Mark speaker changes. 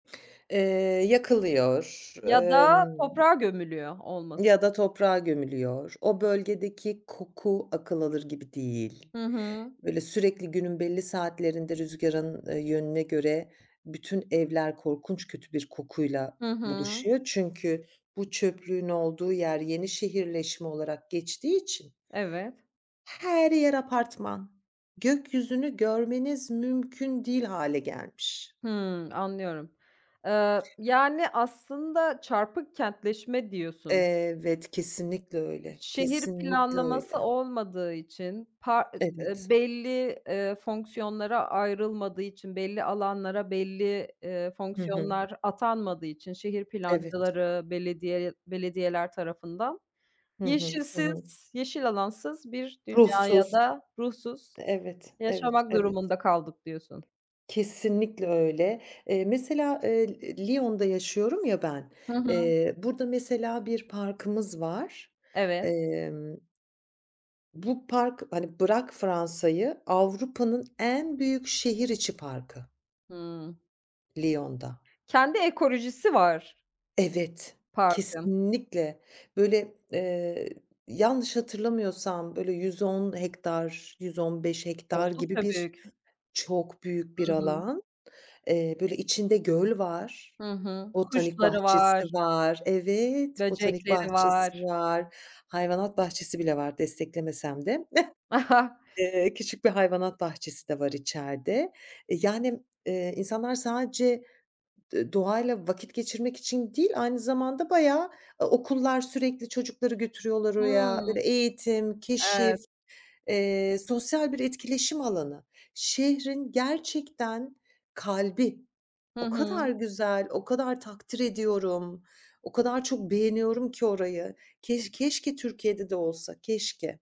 Speaker 1: Eee, yakılıyor,
Speaker 2: Ya da
Speaker 1: emm
Speaker 2: toprağa gömülüyor olması.
Speaker 1: ya da toprağa gömülüyor. O bölgedeki koku, akıl alır gibi değil.
Speaker 2: Hı hı.
Speaker 1: Böyle sürekli günün belli saatlerinde rüzgarın e yönüne göre bütün evler korkunç kötü bir kokuyla
Speaker 2: Hı hı.
Speaker 1: buluşuyor. Çünkü bu çöplüğün olduğu yer yeni şehirleşme olarak geçtiği için
Speaker 2: Evet.
Speaker 1: her yer apartman. Gökyüzünü görmeniz mümkün değil hâle gelmiş.
Speaker 2: Hımm, anlıyorum. Eee, yani, aslında çarpık kentleşme diyorsun.
Speaker 1: Evet, kesinlikle öyle.
Speaker 2: Şehir
Speaker 1: Kesinlikle
Speaker 2: planlaması
Speaker 1: öyle.
Speaker 2: olmadığı için, pa eee,
Speaker 1: Evet.
Speaker 2: belli, eee, fonksiyonlara ayrılmadığı için belli alanlara, belli, eee,
Speaker 1: Hı hı.
Speaker 2: fonksiyonlar atanmadığı için, şehir
Speaker 1: Evet.
Speaker 2: plancıları, belediye belediyeler tarafından,
Speaker 1: Hı hı. Hı hı.
Speaker 2: yeşilsiz, yeşil alansız bir dünyaya
Speaker 1: Ruhsuz.
Speaker 2: da ruhsuz
Speaker 1: Evet, evet,
Speaker 2: yaşamak
Speaker 1: evet.
Speaker 2: durumunda kaldık diyorsun.
Speaker 1: Kesinlikle öyle. Eee, mesela, eee, L Lyon'da yaşıyorum ya ben.
Speaker 2: Hı hı.
Speaker 1: Eee, burada mesela bir parkımız var.
Speaker 2: Evet.
Speaker 1: Emm bu park, hani, bırak Fransa'yı, Avrupa'nın en büyük şehir içi parkı.
Speaker 2: Hıı.
Speaker 1: Lyon'da.
Speaker 2: Kendi ekolojisi var.
Speaker 1: Evet,
Speaker 2: Parkın.
Speaker 1: kesinlikle. Böyle, eee, yanlış hatırlamıyorsam, böyle 110 hektar, 115 hektar gibi
Speaker 2: Oldukça büyük.
Speaker 1: birçok büyük bir
Speaker 2: Hı hı.
Speaker 1: alan. Eee, böyle içinde göl var,
Speaker 2: Hı hı.
Speaker 1: botanik
Speaker 2: Kuşları
Speaker 1: bahçesi
Speaker 2: var.
Speaker 1: var Evet, botanik
Speaker 2: Böcekleri
Speaker 1: bahçesi
Speaker 2: var.
Speaker 1: var, hayvanat bahçesi bile var, desteklemesem de. Eee, küçük bir hayvanat bahçesi de var içeride. Yani, eee, insanlar sadece d doğayla vakit geçirmek için değil, aynı zamanda bayağı okullar sürekli çocukları götürüyorlar
Speaker 2: Hıı,
Speaker 1: oraya. Böyle eğitim, keşif,
Speaker 2: evet.
Speaker 1: eee, sosyal bir etkileşim alanı. Şehrin gerçekten kalbi.
Speaker 2: Hı
Speaker 1: O kadar
Speaker 2: hı.
Speaker 1: güzel, o kadar takdir ediyorum, o kadar çok beğeniyorum ki orayı. Keş keşke Türkiye'de de olsa, keşke.